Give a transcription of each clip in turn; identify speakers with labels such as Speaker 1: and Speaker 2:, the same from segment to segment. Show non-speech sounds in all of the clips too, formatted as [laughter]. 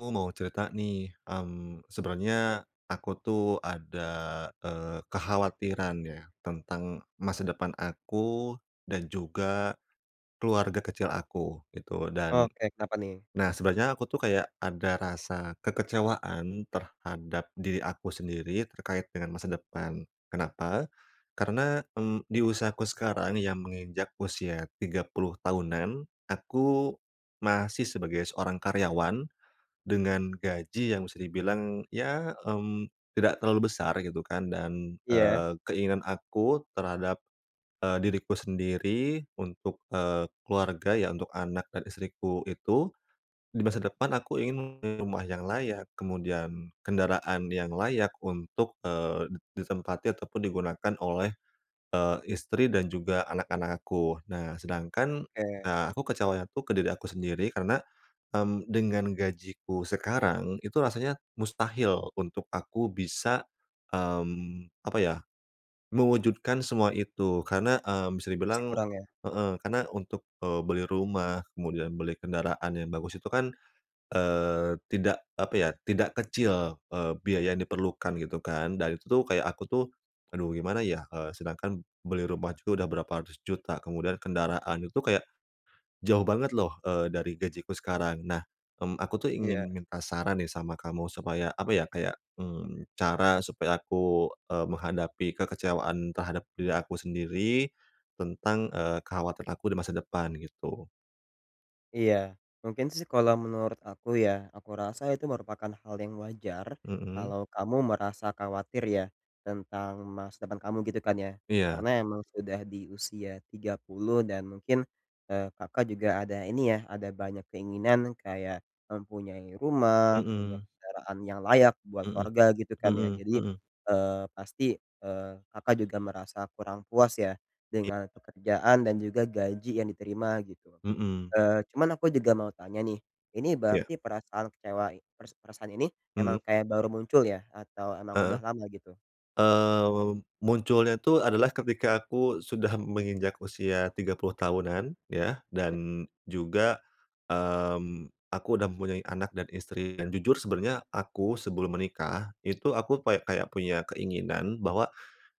Speaker 1: Ku mau cerita nih, mmm, sebenarnya aku tuh ada, eee, kekhawatiran ya tentang masa depan aku dan juga keluarga kecil aku gitu. Dan
Speaker 2: Oke. Kenapa nih?
Speaker 1: nah sebenarnya aku tuh kayak ada rasa kekecewaan terhadap diri aku sendiri terkait dengan masa depan. Kenapa? Karena, mmm, di usiaku sekarang yang menginjak usia 30 tahunan, aku masih sebagai seorang karyawan dengan gaji yang bisa dibilang ya, mmm, tidak terlalu besar gitu kan. Dan,
Speaker 2: Iya.
Speaker 1: eee, keinginan aku terhadap, eee, diriku sendiri, untuk, eee, keluarga ya, untuk anak dan istriku itu, di masa depan aku ingin rumah yang layak, kemudian kendaraan yang layak untuk, eee, di ditempati ataupun digunakan oleh, eee, istri dan juga anak-anak aku. Nah, sedangkan,
Speaker 2: Oke.
Speaker 1: ah, aku kecewanya tuh ke diri aku sendiri karena, mmm, dengan gajiku sekarang itu rasanya mustahil untuk aku bisa, mmm, apa ya, mewujudkan semua itu. Karena, mmm, bisa
Speaker 2: Sih
Speaker 1: dibilang
Speaker 2: kurang ya.
Speaker 1: heeh, karena untuk, eee, beli rumah, kemudian beli kendaraan yang bagus itu kan, eee, tidak, apa ya, tidak kecil, eee, biaya yang diperlukan gitu kan. Dan itu tuh kayak aku tuh, "Aduh, gimana ya?" Eee, sedangkan beli rumah juga udah berapa ratus juta, kemudian kendaraan itu kayak jauh banget loh, eee, dari gajiku sekarang. Nah, mmm, aku tuh
Speaker 2: Iya.
Speaker 1: ingin minta saran nih sama kamu supaya, apa ya, kayak, mmm, cara supaya aku, eee, menghadapi kekecewaan terhadap diri aku sendiri, tentang, eee, kekhawatiran aku di masa depan gitu.
Speaker 2: Iya. Mungkin sih kalau menurut aku ya, aku rasa itu merupakan hal yang wajar
Speaker 1: Mhm.
Speaker 2: kalau kamu merasa khawatir ya tentang masa depan kamu, gitu kan ya.
Speaker 1: Iya.
Speaker 2: Karena emang udah di usia 30 dan mungkin, eee, Kakak juga ada ini ya, ada banyak keinginan, kayak mempunyai rumah, punya
Speaker 1: Mhm.
Speaker 2: kendaraan yang layak buat
Speaker 1: Mhm.
Speaker 2: keluarga gitu kan ya.
Speaker 1: Mhm
Speaker 2: Jadi,
Speaker 1: mhm.
Speaker 2: eee, pasti, eee, Kakak juga merasa kurang puas ya
Speaker 1: I
Speaker 2: dengan pekerjaan dan juga gaji yang diterima gitu.
Speaker 1: Mhm.
Speaker 2: Eee, cuman aku juga mau tanya nih. Ini
Speaker 1: Iya.
Speaker 2: berarti perasaan kecewa i peras perasaan ini,
Speaker 1: Hmm?
Speaker 2: emang kayak baru muncul ya? Atau emang
Speaker 1: Heeh?
Speaker 2: udah lama, gitu?
Speaker 1: Eee, mem mem munculnya tuh adalah ketika aku sudah menginjak usia 30 tahunan, ya,
Speaker 2: Ya.
Speaker 1: dan juga, mmm, aku udah mempunyai anak dan istri dan jujur sebenarnya aku sebelum menikah itu aku pay kayak punya keinginan, bahwa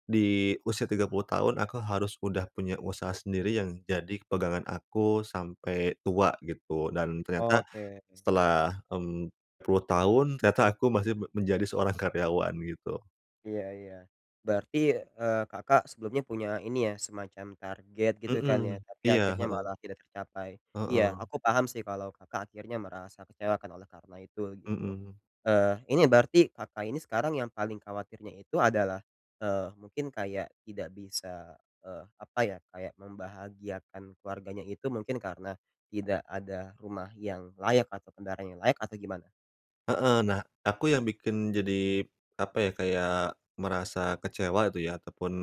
Speaker 1: di usia 30 tahun aku harus udah punya usaha sendiri yang jadi pegangan aku sampai tua gitu dan ternyata
Speaker 2: Oke.
Speaker 1: setelah, mmm, puluh tahun ternyata aku masih me menjadi seorang karyawan gitu.
Speaker 2: Iya iya. Berarti, eee, Kakak sebelumnya punya ini ya, semacam target gitu kan ya?
Speaker 1: Mhm,
Speaker 2: Tapi
Speaker 1: iya
Speaker 2: akhirnya
Speaker 1: heeh.
Speaker 2: malah tidak tercapai. Iya,
Speaker 1: Heeh.
Speaker 2: aku paham sih kalau Kakak akhirnya merasa kecewa kan oleh karena itu gitu.
Speaker 1: Mhm.
Speaker 2: Eee, ini berarti Kakak ini sekarang yang paling khawatirnya itu adalah, eee, mungkin kayak tidak bisa, eee, apa ya, kayak membahagiakan keluarganya itu mungkin karena tidak ada rumah yang layak atau kendaraan yang layak atau gimana?
Speaker 1: Heeh. Nah, aku yang bikin jadi, apa ya kayak merasa kecewa itu ya ataupun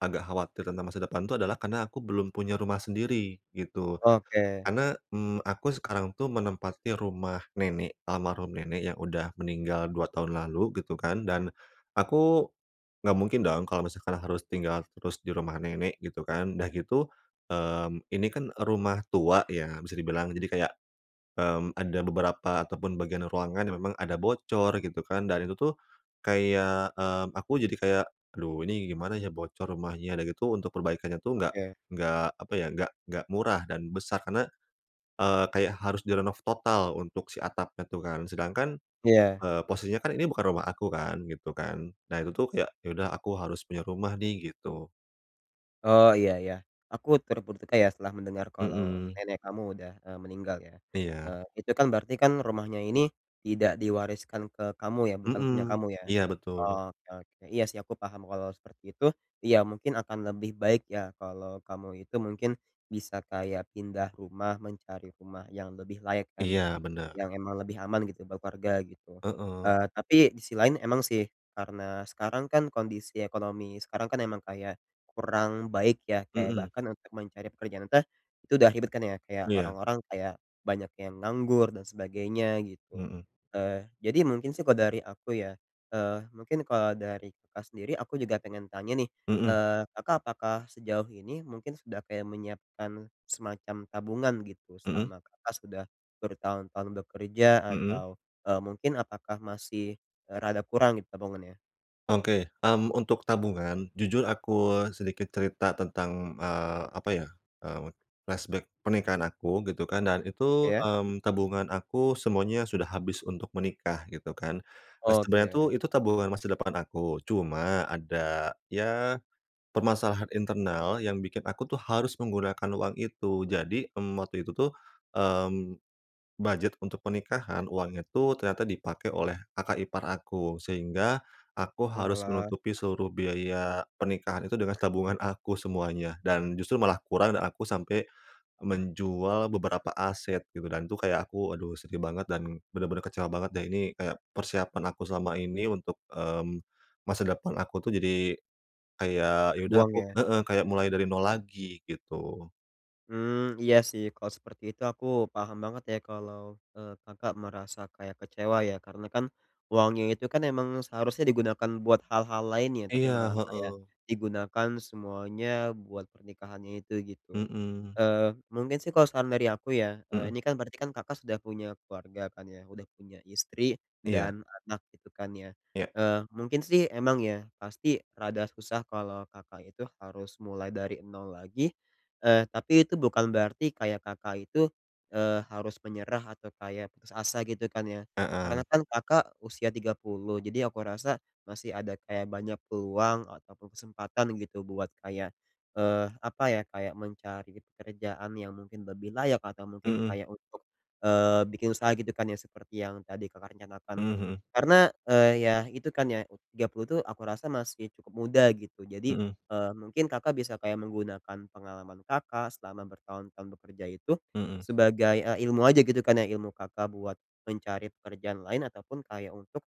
Speaker 1: agak khawatir tentang masa depan tuh adalah karena aku belum punya rumah sendiri gitu.
Speaker 2: Oke.
Speaker 1: Karena, mmm, aku sekarang tuh menempati rumah nenek almarhum nenek yang udah meninggal 2 tahun lalu, gitu kan, dan aku nggak mungkin dong kalau misalkan harus tinggal terus di rumah nenek gitu kan. Dah gitu, mmm, ini kan rumah tua ya bisa dibilang jadi kayak, mmm, ada beberapa ataupun bagian ruangan yang memang ada bocor gitu kan dan itu tuh kayak, mmm, aku jadi kayak, "Aduh ini gimana ya bocor rumahnya." Udah gitu untuk perbaikannya tuh nggak
Speaker 2: Oke.
Speaker 1: nggak apa ya, nggak nggak murah, dan besar, karena, eee, kayak harus direnov total untuk si atapnya tuh kan. Sedangkan,
Speaker 2: Iya.
Speaker 1: eee, posisinya kan ini bukan rumah aku kan, gitu kan. Nah, itu tuh kayak, "Ya udah, aku harus punya rumah nih." Gitu.
Speaker 2: Oh, iya iya. Aku turut berduka ya setelah mendengar kalau
Speaker 1: Mhm.
Speaker 2: nenek kamu udah, eee, meninggal ya.
Speaker 1: Iya.
Speaker 2: Eee, itu kan berarti kan rumahnya ini tidak diwariskan ke kamu ya? Bukan punya
Speaker 1: Mhm.
Speaker 2: kamu ya?
Speaker 1: Iya, betul.
Speaker 2: Oh oke oke, iya sih, aku paham kalau seperti itu, iya mungkin akan lebih baik ya kalau kamu itu mungkin bisa kayak pindah rumah mencari rumah yang lebih layak kan ya,
Speaker 1: Iya, bener.
Speaker 2: yang emang lebih aman gitu buat keluarga gitu.
Speaker 1: Heeh.
Speaker 2: Eee, tapi di si lain emang sih, karena sekarang kan kondisi ekonomi sekarang kan emang kayak kurang baik ya, kayak
Speaker 1: Mhm.
Speaker 2: bahkan untuk mencari pekerjaan tah itu udah ribet kan ya, kayak
Speaker 1: Iya.
Speaker 2: orang-orang kayak banyak yang nganggur dan sebagainya gitu.
Speaker 1: Mhm.
Speaker 2: Eee, jadi mungkin sih kalau dari aku ya, eee, mungkin kalau dari Kakak sendiri aku juga pengen tanya nih.
Speaker 1: Mhm.
Speaker 2: Eee, Kakak apakah sejauh ini mungkin sudah kayak menyiapkan semacam tabungan gitu
Speaker 1: Mhm?
Speaker 2: selama Kakak sudah bertahun-tahun bekerja
Speaker 1: Mhm?
Speaker 2: atau, eee, mungkin apakah masih, eee, rada kurang nih tabungannya?
Speaker 1: Oke. Mmm, untuk tabungan jujur aku sedikit cerita tentang, eee, apa ya, eee, flashback pernikahan aku gitu kan, dan itu,
Speaker 2: Iya?
Speaker 1: mmm, tabungan aku semuanya sudah habis untuk menikah gitu kan. Eee, sebenarnya
Speaker 2: Oke.
Speaker 1: tuh itu tabungan masa depan aku, cuma ada ya, permasalahan internal yang bikin aku tuh harus menggunakan uang itu. Jadi, mmm, waktu itu tuh, mmm, budget untuk pernikahan, uangnya tuh ternyata dipakai oleh kakak ipar aku. Sehingga aku harus
Speaker 2: Oalah.
Speaker 1: menutupi seluruh biaya pernikahan itu dengan tabungan aku semuanya dan justru malah kurang dan aku sampai menjual beberapa aset gitu dan tuh kayak aku, aduh sedih banget, dan benar-benar kecewa banget deh. Ini kayak persiapan aku selama ini untuk, mmm, masa depan aku tuh jadi kayak ya udah
Speaker 2: kebuang
Speaker 1: aku
Speaker 2: ya.
Speaker 1: heeh, kayak mulai dari nol lagi gitu.
Speaker 2: Mmm, iya sih. Kalau seperti itu aku paham banget ya, kalau, eee, Kakak merasa kayak kecewa ya. Karena kan uangnya itu kan emang seharusnya digunakan buat hal-hal lain ya? Tapi
Speaker 1: Iya,
Speaker 2: malah kayak
Speaker 1: heeh.
Speaker 2: digunakan semuanya buat pernikahannya itu gitu.
Speaker 1: Mhm.
Speaker 2: Eee, mungkin sih kalo saran dari aku ya, eee,
Speaker 1: Mhm.
Speaker 2: ini kan berarti kan Kakak sudah punya keluarga kan ya? Udah punya istri
Speaker 1: Iya.
Speaker 2: dan anak gitu kan ya?
Speaker 1: Ya.
Speaker 2: Eee, mungkin sih emang ya pasti rada susah kalo Kakak itu harus mulai dari nol lagi. Eee, tapi itu bukan berarti kayak Kakak itu, eee, harus menyerah atau kayak putus asa gitu kan ya.
Speaker 1: Heeh.
Speaker 2: Karena kan Kakak usia 30, jadi aku rasa masih ada kayak banyak peluang ataupun kesempatan gitu buat kayak, eee, apa ya, kayak mencari pekerjaan yang mungkin lebih layak atau mungkin
Speaker 1: Mhm.
Speaker 2: kayak untuk, eee, bikin usaha gitu kan ya seperti yang tadi Kakak rencanakan.
Speaker 1: Mhm mhm.
Speaker 2: Karena, eee, ya itu kan ya u 30 tuh aku rasa masih cukup muda gitu. Jadi,
Speaker 1: Mhm.
Speaker 2: eee, mungkin Kakak bisa kayak menggunakan pengalaman Kakak selama bertahun-tahun bekerja itu,
Speaker 1: Mhm.
Speaker 2: sebagai, eee, ilmu aja gitu kan ya. Ilmu Kakak buat mencari pekerjaan lain ataupun kayak untuk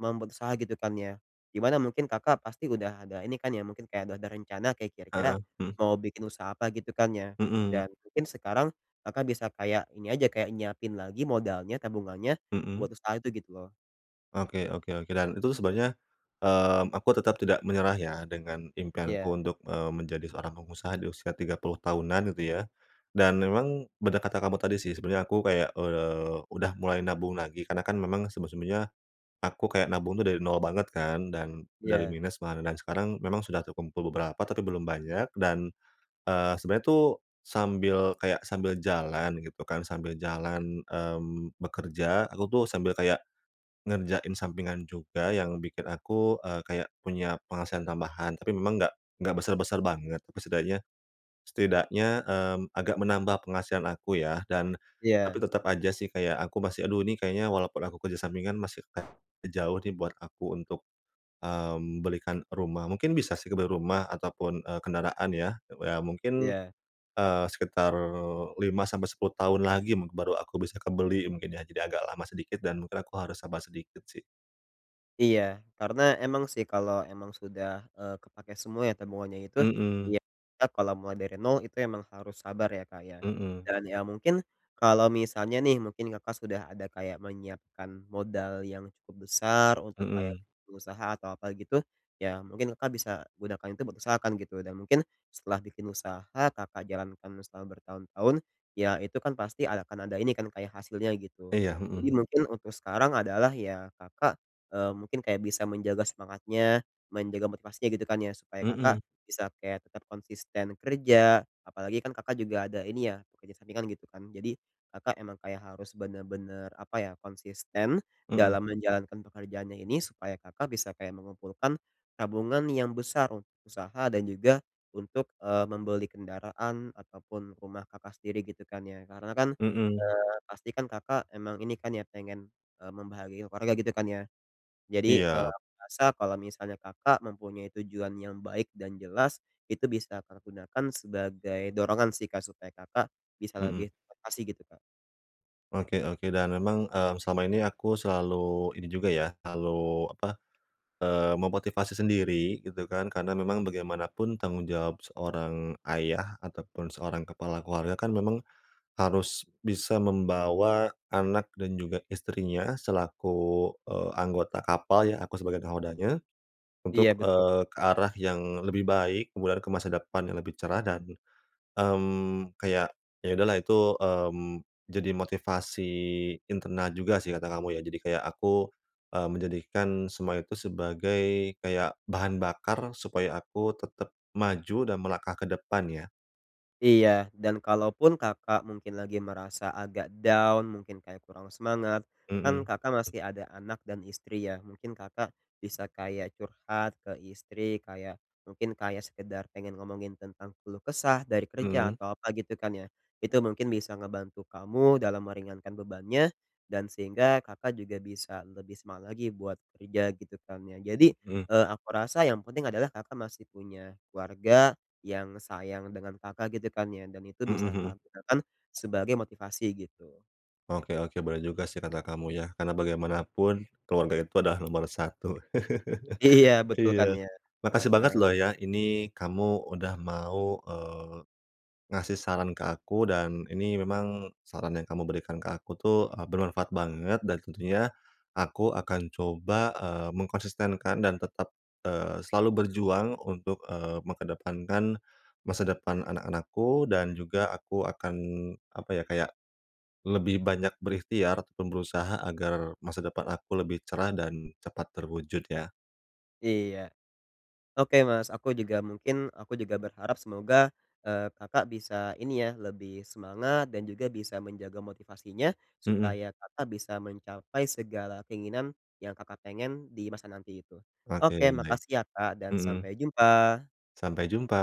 Speaker 2: membuat usaha gitu kan ya. Di mana mungkin Kakak pasti udah ada ini kan ya, mungkin kayak udah ada rencana kayak
Speaker 1: Heeh,
Speaker 2: kira-kira
Speaker 1: mhm.
Speaker 2: mau bikin usaha apa gitu kan ya?
Speaker 1: Mhm.
Speaker 2: Dan mungkin sekarang, Kakak bisa kayak, ini aja kayak nyiapin lagi modalnya, tabungannya
Speaker 1: Mhm?
Speaker 2: buat usaha itu gitu loh.
Speaker 1: Oke oke oke. Dan itu sebenarnya, mmm, aku tetap tidak menyerah ya dengan impianku
Speaker 2: Iya.
Speaker 1: untuk, eee, menjadi seorang pengusaha di usia 30 tahunan itu ya dan memang benar kata kamu tadi sih, sebenarnya aku kayak, eee, udah mulai nabung lagi, karena kan memang sebelum-sebelumnya aku kayak nabung itu dari nol banget kan, dan dari
Speaker 2: Iya.
Speaker 1: minus malahan dan sekarang memang sudah terkumpul beberapa tapi belum banyak, dan, eee, sebenarnya tuh sambil kayak, sambil jalan gitu kan, sambil jalan, mmm, bekerja, aku tuh sambil kayak ngerjain sampingan juga yang bikin aku, eee, kayak punya penghasilan tambahan. Tapi memang nggak nggak besar-besar banget, setidaknya setidaknya, mmm, agak menambah penghasilan aku ya. Dan tapi
Speaker 2: Iya.
Speaker 1: tetap aja sih kayak aku masih, "Aduh ini kayaknya walaupun aku kerja sampingan masih jauh nih buat aku untuk, mmm, belikan rumah." Mungkin bisa sih kebeli rumah ataupun, eee, kendaraan ya. Eee, ya mungkin,
Speaker 2: Iya.
Speaker 1: eee, sekitar 5 sampai 10 tahun lagi mungkin baru aku bisa kebeli mungkin ya, jadi agak lama sedikit dan mungkin aku harus sabar sedikit sih.
Speaker 2: Iya. Karena emang sih kalau emang sudah, eee, kepake semua ya tabungannya itu,
Speaker 1: Mhm.
Speaker 2: yap Kak kalau mulai dari nol itu emang harus sabar ya Kak ya.
Speaker 1: Mhm.
Speaker 2: Dan ya mungkin kalau misalnya nih, mungkin Kakak sudah ada kayak menyiapkan modal yang cukup besar untuk kayak
Speaker 1: Mhm.
Speaker 2: pengusaha atau apa gitu, ya mungkin Kakak bisa gunakan itu buat usaha kan gitu. Dan mungkin setelah bikin usaha, Kakak jalankan setelah bertahun-tahun ya itu kan pasti ada akan ada ini kan kayak hasilnya gitu.
Speaker 1: Iya,
Speaker 2: Jadi
Speaker 1: mhm.
Speaker 2: mungkin untuk sekarang adalah ya Kakak, eee, mungkin kayak bisa menjaga semangatnya, menjaga motivasinya gitu kan ya. Supaya kakak
Speaker 1: Mhm.
Speaker 2: bisa kayak tetap konsisten kerja, apalagi kan Kakak juga ada ini ya kerja sampingan gitu kan, jadi Kakak emang kayak harus benar-benar, apa ya, konsisten
Speaker 1: Mhm.
Speaker 2: dalam menjalankan pekerjaannya ini supaya Kakak bisa kayak mengumpulkan tabungan yang besar u usaha, dan juga untuk, eee, membeli kendaraan ataupun rumah Kakak sendiri gitu kan ya. Karena kan,
Speaker 1: Mhm.
Speaker 2: eee, pasti kan Kakak emang ini kan ya pengen, eee, membahagiakan keluarga gitu kan ya. Jadi, eee,
Speaker 1: Iya.
Speaker 2: aku rasa kalau misalnya Kakak mempunyai tujuan yang baik dan jelas, itu bisa Kakak gunakan sebagai dorongan sih Kak, supaya Kakak bisa
Speaker 1: Mhm.
Speaker 2: lebih termotivasi gitu, Kak.
Speaker 1: Oke oke, dan memang, mmm, selama ini aku selalu ini juga ya, kalu apa, eee, memotivasi sendiri gitu kan. Karena memang bagaimanapun tanggung jawab seorang ayah ataupun seorang kepala keluarga kan, memang harus bisa membawa anak dan juga istrinya selaku, eee, anggota kapal ya, aku sebagai nakhodanya
Speaker 2: Iya,
Speaker 1: untuk,
Speaker 2: betu.
Speaker 1: eee, ke arah yang lebih baik, kemudian ke masa depan yang lebih cerah, dan, mmm, kayak, ya udahlah itu, mmm, jadi motivasi internal juga sih, kata kamu ya. Jadi kayak aku, eee, menjadikan semua itu sebagai, kayak bahan bakar supaya aku tetap maju dan melangkah ke depan ya.
Speaker 2: Iya. Dan kalaupun Kakak mungkin lagi merasa agak down, mungkin kayak kurang semangat, kan
Speaker 1: Mhm.
Speaker 2: Kakak masih ada anak dan istri ya. Mungkin Kakak bisa kayak curhat ke istri, kayak mungkin kayak sekedar pengen ngomongin tentang keluh kesah dari kerja
Speaker 1: Mmm?
Speaker 2: atau apa gitu kan ya. Itu mungkin bisa ngebantu kamu dalam meringankan bebannya dan sehingga Kakak juga bisa lebih semangat lagi buat kerja gitu kan ya. Jadi,
Speaker 1: Mhm.
Speaker 2: eee, aku rasa yang penting adalah Kakak masih punya keluarga yang sayang dengan Kakak gitu kan ya dan itu
Speaker 1: Mhm
Speaker 2: bisa
Speaker 1: mhm.
Speaker 2: Kakak gunakan sebagai motivasi gitu.
Speaker 1: Oke oke. Boleh juga sih kata kamu ya. Karena bagaimanapun keluarga itu adalah nomor 1.
Speaker 2: Iya,
Speaker 1: [chuckles]
Speaker 2: betul kan
Speaker 1: Iya.
Speaker 2: ya.
Speaker 1: Makasih banget loh
Speaker 2: Heeh.
Speaker 1: ya, ini kamu udah mau, eee, ngasih saran ke aku dan ini memang saran yang kamu berikan ke aku tuh, eee, bermanfaat banget dan tentunya aku akan coba, eee, mengkonsistenkan dan tetap, eee, selalu berjuang untuk, eee, mengedepankan masa depan anak-anakku dan juga aku akan, apa ya, kayak lebih banyak berikhtiar ataupun berusaha agar masa depan aku lebih cerah dan cepat terwujud ya.
Speaker 2: Iya. Oke Mas, aku juga mungkin aku juga berharap semoga, eee, Kakak bisa ini ya lebih semangat dan juga bisa menjaga motivasinya,
Speaker 1: Mhm.
Speaker 2: supaya Kakak bisa mencapai segala keinginan yang Kakak pengen di masa nanti itu. Oke
Speaker 1: Oke, baik.
Speaker 2: makasih ya, Kak dan
Speaker 1: Mhm.
Speaker 2: sampai jumpa.
Speaker 1: Sampai jumpa.